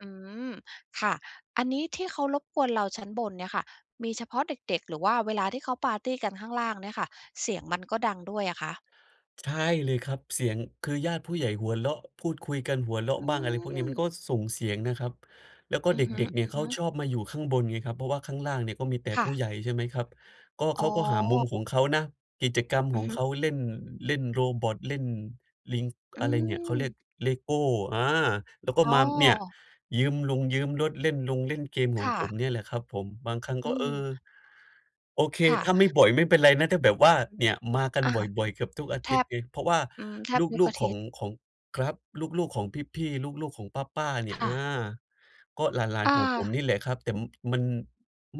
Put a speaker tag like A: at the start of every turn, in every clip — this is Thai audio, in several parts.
A: อืม ค่ะ อันนี้ที่เขารบกวนเราชั้นบนเนี่ยค่ะ มีเฉพาะเด็ก ๆ หรือว่าเวลาที่เขาปาร์ตีกันข้างล่างเนี่ยค่ะเสียงมันก็ดังด้วยอะคะ?
B: ใช่เลยครับ เสียง คือญาติผู้ใหญ่หัวเราะ พูดคุยกัน หัวเรา
A: อ
B: ะ
A: ื
B: บ้าง อะไรพวกนี้ มั
A: ม
B: นก็ส่งเสียงนะครับ แล้วก็
A: อื
B: เ
A: อ
B: ด
A: ฮ
B: ็ก ๆ เนี่ยเข
A: ึ
B: า
A: ๆ
B: ชอบมาอยู่ข้างบนไงครับ เพราะว่าข้างล่างเนี่ยก็มีแต่
A: ค
B: ผ
A: ่
B: ู้
A: ะ
B: ใหญ่ ใช่ไหมครับ ก็
A: อ
B: เข
A: ๋
B: าก็หามุม
A: อ
B: ของเขานะ กิจกรรม
A: อื
B: ข
A: อ
B: อง
A: ฮึ
B: เขาเล่น เล่นโรบอต เล่นลิง
A: อื
B: อะไรเนี่ย เขาเรี
A: ม
B: ยก LEGO อา แล้วก็
A: อ๋
B: ม
A: อ
B: าเนี่ย ยืมรงยืมรถ เล่นลงเล่นเกมข
A: ค
B: อง
A: ่
B: ผ
A: ะ
B: มเนี่ยแหละครับผม บางครั้ง
A: อ
B: ก
A: ื
B: ็ เออ
A: ม
B: โอเค
A: ค่
B: ถ
A: ะ
B: ้าไม่บ่อย ไม่เป็นไรนะ ถ้าแบบว่าเนี่ยมากัน
A: อา
B: บ่อย ๆ เกือบทุกอา
A: แท
B: ทิตย
A: บ
B: ์ไง เพราะว่า
A: อืม แทบทุก
B: ลู
A: อ
B: ก
A: า
B: ๆ
A: ท
B: ขอ
A: ิต
B: ง
A: ย์
B: ของ ครับ ลูก ๆ ของพี่ ๆ ลูก ๆ ของป้า ๆ เนี่
A: ค
B: ย อ
A: ่
B: า
A: ะ
B: ก็หลาน
A: อ
B: ๆ ของผม
A: า
B: นี่แหละครับ แต่มัน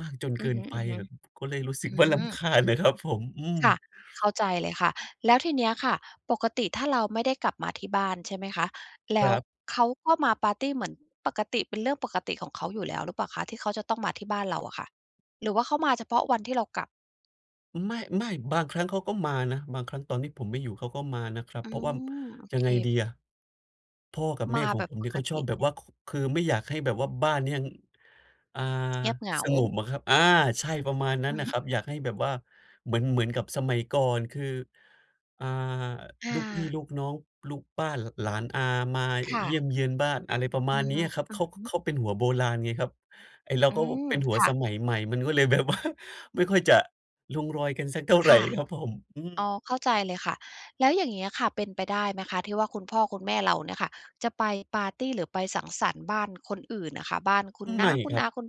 B: มากจน
A: อ
B: เ
A: ื
B: ก
A: อ
B: ิ
A: ฮ
B: น
A: ึ
B: ไปอะ ก็เลยรู้สึ
A: ๆ
B: ก
A: อื
B: ว่าร
A: ม
B: ำคาญอะครับผม อืม
A: ค่ะ เข้าใจเลยค่ะ แล้วทีเนี้ยค่ะ ปกติถ้าเราไม่ได้กลับมาที่บ้าน ใช่ไหมคะ แล้
B: ค
A: ว
B: รับ
A: เขาก็มาปาร์ตี เหมือนปกติ เป็นเรื่องปกติของเขาอยู่แล้วหรือเปล่าคะ ที่เขาจะต้องมาที่บ้านเราอะค่ะ หรือว่าเขามาเฉพาะวันที่เรากลับ?
B: ไม่ ไม่ บางครั้งเขาก็มานะ บางครั้งตอนที่ผมไม่อยู่ เขาก็มานะครับ
A: อื
B: เพราะว่า
A: ม โอ
B: ยั
A: เค
B: งไงดีอะ พ่อกับแ
A: ม
B: ม่
A: า
B: ขอ
A: แ
B: ง
A: บ
B: ผ
A: บ
B: ม
A: ป
B: เนี่ย
A: ก
B: เขาช
A: ต
B: อ
A: ิ
B: บแบบว่า ค คือไม่อยากให้แบบว่าบ้านเนี้ยยัง อา
A: เงียบเหงา
B: สงบอะครับ อา ใช่ ประมาณนั้
A: อ
B: น
A: ือ
B: น่ะ
A: ฮ
B: ครับ
A: ึ
B: อยากให้แบบว่า เหมือน เหมือนกับสมัยก่อน คือ อ่า
A: อ
B: ลูกพี่
A: า
B: ลูกน้อง ลูกป้า ล หลานอามา
A: ค
B: อ
A: ่
B: เยี่
A: ะ
B: ยมเยียนบ้าน อะไรประ
A: อ
B: ม
A: ื
B: าณ
A: อ
B: เนี
A: ฮ
B: ้
A: ึ
B: ยครับ
A: อื
B: เข
A: อ
B: า
A: ฮึ
B: เขาเป็นหัวโบราณไงครับ ไอ้เรา
A: อื
B: ก็
A: ม
B: เป็นหั
A: ค
B: ว
A: ่ะ
B: สมัยใหม่ มันก็เลยแบบ ว่า ไม่ค่อยจะลงรอยกันสักเท่า
A: ค
B: ไร
A: ่ะ
B: ครับผม อื
A: อ๋อ
B: ม
A: เข้าใจเลยค่ะ แล้วอย่างงี้อะค่ะ เป็นไปได้ไหมคะที่ว่าคุณพ่อคุณแม่เราเนี่ยค่ะจะไปปาร์ตี หรือไปสังสรรค์บ้านคนอื่นอะคะ? บ้านคุณน
B: ไ
A: ้
B: ม
A: า
B: ่
A: คุ
B: ค
A: ณ
B: รั
A: อ
B: บ
A: า คุณ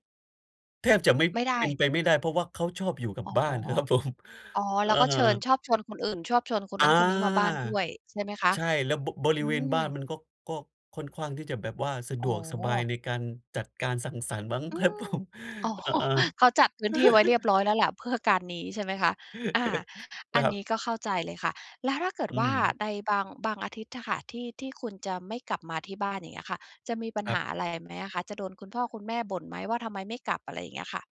B: แทบจะไม่
A: ไม่ได
B: เ
A: ้
B: ป็นไปไม่ได้ เพราะว่าเขาชอบอยู่กับ
A: อ๋อ
B: บ้าน น่ะครับผม
A: อ๋อ แล
B: อ
A: ้วก็เชิญ
B: า
A: ชอบชวนคนอื่น ชอบชวนคน
B: อ
A: น
B: า
A: ั้นคนนี้มาบ้านด้วย ใช่ไหมคะ?
B: ใช่ แล้ว บ บร
A: อ
B: ิ
A: ื
B: เวณบ้าน
A: ม
B: มันก็ ก็ค่อนข้าง ที่จะแบบว่าสะด
A: อ๋
B: วกสบาย
A: อ
B: ในการจัดการสังสรรค์มั้ง
A: อ
B: ค
A: ื
B: รับ ผ
A: ม
B: ม
A: อ๋อ
B: อ อา
A: เขาจัดพื้นที่ไว้เรียบร้อยแล้วแหละเพื่อการนี้ ใช่ไหมคะ อา อัน
B: ครั
A: นี
B: บ
A: ้ก็เข้าใจเลยค่ะ แล้วถ้าเกิด
B: อื
A: ว่า
B: ม
A: ในบาง บางอาทิตย์อะค่ะ ที่ ที่คุณจะไม่กลับมาที่บ้าน อย่างเงี้ยค่ะ จะมีปัญ
B: ค
A: ห
B: รับ
A: าอะไรไหมอะคะ? จะโดนคุณพ่อคุณแม่บ่นไหมว่า ทำไมไม่กลับ? อะไรอย่างเงี้ยค่ะ